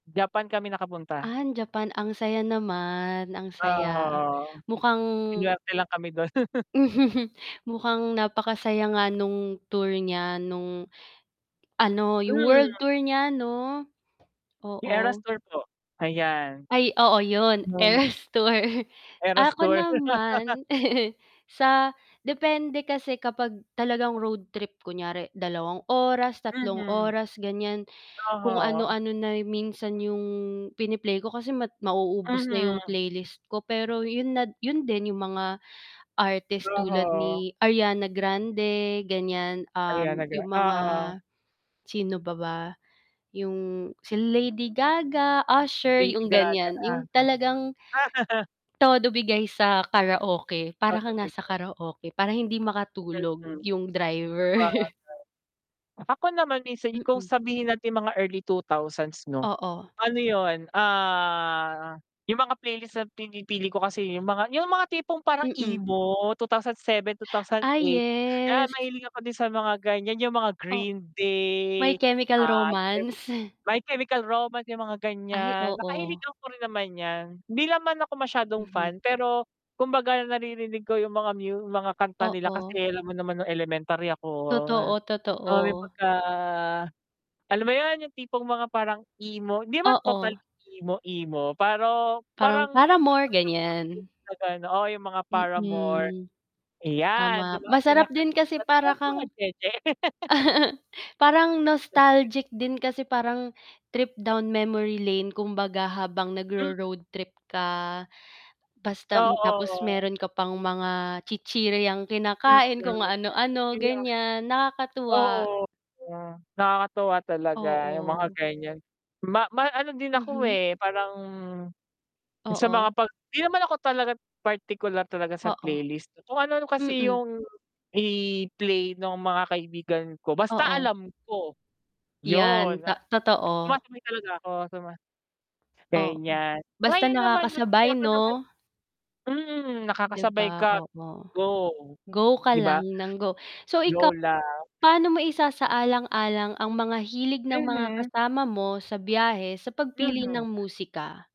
Japan kami nakapunta. An Japan, ang saya naman. Ang saya, Aha, mukhang inarte lang kami dun. mukhang napakasaya nga nung tour niya nung ano 'yung Mm. world tour niya 'no? 'Yung Eras Oo. tour po, ayan. Ay oo, 'yon Nung Eras tour. Eras Ako tour. naman sa depende kasi kapag talagang road trip, kunyari dalawang oras, tatlong Mhm, oras, ganiyan. Kung oho. ano-ano na minsan 'yong pini-play ko kasi ma mauubos na 'yong Mhm. playlist ko, pero 'yun na 'yun din 'yung mga artist tulad Oho. ni Ariana Grande, ganiyan, um, Ariana Grand 'yong mga, oo. sino pa ba? 'Yung si Lady Gaga, Usher, Lady 'yung Gaga, ganiyan, 'yung talagang uh-huh. Todo bigay sa karaoke, para kang Dadating nasa po. karaoke, para hindi makatulog Mhm, 'yung driver. sabagay. Ako naman minsan kung Mm. sabihin natin mga early 2000's 'no, Oo. ano 'yun, ah, 'yung mga playlist na pinipili ko kasi 'yung mga 'yung mga tipong parang Mm. emo, 2007, two thousand Ay, eight, 'yan yes. mahilig ako din sa mga ganiyan, 'yung mga O Green My Day, Chemical ah, Romance. My Chemical Romance 'yung mga Ay, ganiyan, oo. nakahiligan ko rin naman 'yan. Hindi ako masyadong Mhm. fan pero kumbaga naririnig ko 'yung mga mu mga kanta nila Oo. kasi alam mo naman nung elementary ako, Totoo, ah, may totoo. pagka alam mo 'yun 'yung tipong mga parang emo 'di naman total Oo. emo-emo pero Parang parang, Paramore, [unintelligible] ganiyan. oh, 'yung mga Paramore, Mm. ayan, Tama, dumaan din masarap [unintelligible] din kasi 'di para naman mga kang jeje. parang nostalgic din kasi parang trip down memory lane kumbaga habang Mhm. nagro-road trip ka, basta Oo, tapos o. meron ka pang mga chichiryang kinakain, kung Mm, ano-ano [unintelligible] ganiyan, nakakatuwa. oo, nakakatuwa talaga 'yung mga Oo. ganiyan, ma ma ano din ako, Mhm. eh, parang, sa Oo. mga 'pag hindi naman ako talaga partikular talaga sa Oo. playlist, kung ano-ano kasi Mm 'yung i-play nung mga kaibigan ko basta Oo. alam ko, 'Yan, 'yun ta totoo. sumasabay talaga ako suma Oo, ganiyan. basta Ngayon naman oh sige nakakasabay ako naman 'no? mm, 'Di nakakasabay ba, ka, oo, go go ka 'di ba. lang nang go. So ikaw, Lola. paano mo isasaalang-alang ang mga hilig ng mga Mhm. kasama mo sa biyahe sa pagpili Mhm. ng musika?